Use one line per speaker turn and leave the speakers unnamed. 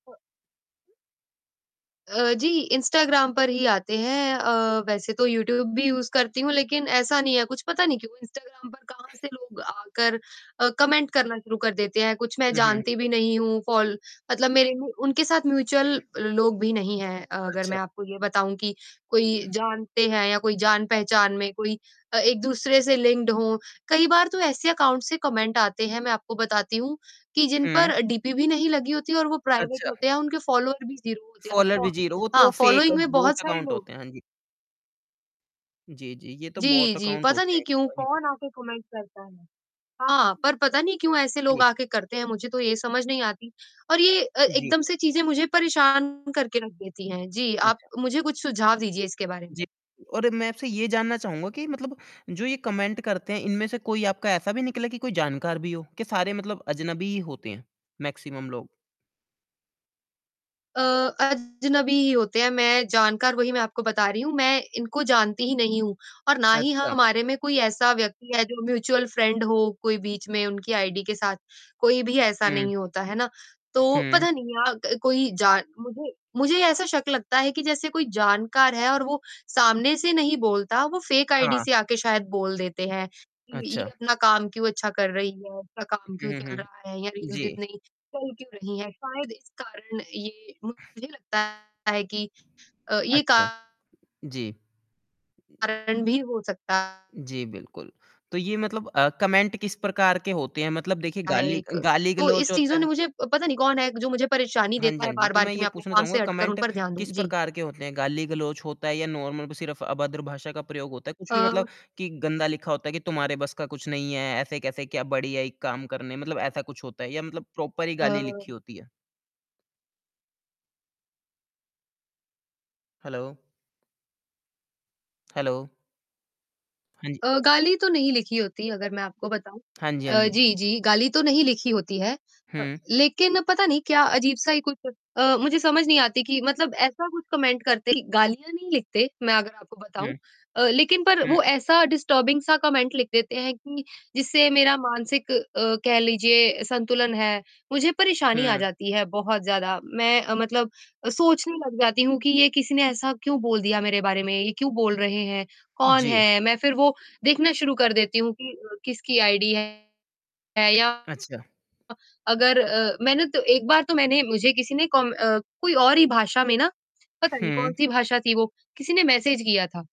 अ अ, जी Instagram पर ही आते हैं अ, वैसे तो यूट्यूब भी यूज़ करती हूँ लेकिन ऐसा नहीं है कुछ, पता नहीं क्यों इंस्टाग्राम पर कहाँ से लोग आकर अ, कमेंट करना शुरू कर देते हैं। कुछ मैं
हुँ, हुँ, हुँ।
जानती भी नहीं हूँ, फॉल मतलब मेरे में उनके साथ म्यूच्यूअल लोग भी नहीं हैं, अगर
अच्छा।
मैं आपको ये बताऊँ कि कोई जानते हैं या कोई जान-पहचान में कोई अ, एक-दूसरे से लिंक्ड हों। कई बार तो ऐसे अकाउंट से कमेंट आते हैं, मैं आपको बताती हूँ कि जिन
हुँ।
पर डीपी भी नहीं लगी होती और वो प्राइवेट
अच्छा।
होते हैं, उनके फॉलोअर भी ज़ीरो होते हैं और
फ़ॉलोअर
फॉ
भी ज़ीरो, वो तो
हाँ,
फेक
फॉलोइंग में बहुत
बॉट
सारे
अकाउंट
लोग
होते
है।
हैं। हाँ जी। जी, जी। ये तो
जी,
बॉट
जी,
अकाउंट
पता
होते
नहीं
हैं।
क्यों? कौन आके कमेंट करता है। हाँ, पर पता नहीं क्यों ऐसे लोग
जी।
आके करते हैं, मुझे तो ये समझ नहीं आती और ये अ,
जी।
एकदम से चीज़ें मुझे परेशान करके रख देती हैं। जी, आप
अच्छा।
मुझे कुछ सुझाव दीजिए इसके बारे
जी।
में।
और मैं आपसे ये जानना चाहूँगा कि मतलब जो ये कमेंट करते हैं, इनमें से कोई आपका ऐसा भी निकला है कि कोई जानकार भी हो, कि सारे मतलब अजनबी ही होते हैं, मैक्सिमम लोग।
अ, अजनबी ही होते हैं, मैं जानकार वही मैं आपको बता रही हूँ, मैं इनको जानती ही नहीं हूँ और ना ही
अच्छा।
हमारे में कोई ऐसा व्यक्ति है जो म्यूच्यूअल फ्रेंड हो, कोई बीच में उनकी आईडी के साथ, कोई भी ऐसा
हुँ।
नहीं होता, है ना? तो
हुँ।
पता नहीं आग कोई जान मुझे मुझे ये ऐसा शक लगता है कि जैसे कोई जानकार है और वो सामने से नहीं बोलता, वो फेक आईडी
हाँ।
से आके शायद बोल देते हैं। कि ये
अच्छा।
अपना काम क्यों अच्छा कर रही है, उसका काम
हुँ,
क्यों
हुँ, हुँ,
चल रहा है या
हुँ।
रील्स
जी।
इतनी चल क्यों रही है? शायद इस कारण ये मुझे लगता है कि अ, ये का
अच्छा। जी।
कारण भी हो सकता
जी, बिल्कुल। तो ये मतलब अ, कमेंट किस प्रकार के होते हैं? मतलब देखिए,
है
गाली
एक।
अ,
तो
गाली-गलौज
इस
होता
चीज़ों ने
है?
मुझे अ, पता नहीं कौन है, ग जो मुझे परेशानी
हाँ जी,
देता है
हाँ जी। तो
बार-बार
मैं
कि
ये
मैं अपने
पूछना
काम
चाहूँगा
से हटकर उन
कमेंट
पर ध्यान दूँ।
किस
जी।
प्रकार के होते हैं? गाली-गलौज होता है या नार्मल ब सिर्फ़ अभद्र भाषा का प्रयोग होता है। कुछ भी
अ
मतलब कि गंदा लिखा होता है कि तुम्हारे बस का कुछ नहीं है, ऐसे कैसे क्या बड़ी आई काम करने। मतलब ऐसा कुछ होता है या मतलब प्रॉपर ही गाली
अ
लिखी होती है। हैलो। हैलो। हाँ जी।
अ, गाली तो नहीं लिखी होती अगर मैं आपको बताऊँ।
हाँ जी, हाँ
अ,
जी।
जी, जी, गाली तो नहीं लिखी होती है अ,
हुँ।
लेकिन पता नहीं क्या अजीब-सा ही कुछ अ,
हुँ।
मुझे समझ नहीं आती कि मतलब ऐसा कुछ कमेंट करते कि गालियाँ नहीं लिखते। मैं अगर आपको बताऊँ
हुँ।
अ, लेकिन पर
हुँ।
वो ऐसा डिस्टर्बिंग सा कमेंट लिख देते हैं, कि जिससे मेरा मानसिक अ, कह लीजिए संतुलन है, मुझे परेशानी आ
हुँ।
जाती है बहुत ज़्यादा। मैं अ, मतलब अ, सोचने लग जाती हूँ कि ये किसी ने ऐसा क्यों बोल दिया मेरे बारे में, ये क्यों बोल रहे हैं?
उ,
कौन
जी।
है? मैं फिर वो देखना शुरू कर देती हूँ कि अ, किसकी आइडी है या
अच्छा।
अ, अगर अ, मैंने तो एक बार तो मैंने मुझे किसी ने कॉम अ, कोई और ही भाषा में ना, पता नहीं
हुँ।
कौन-सी भाषा थी वो, किसी ने मैसेज किया था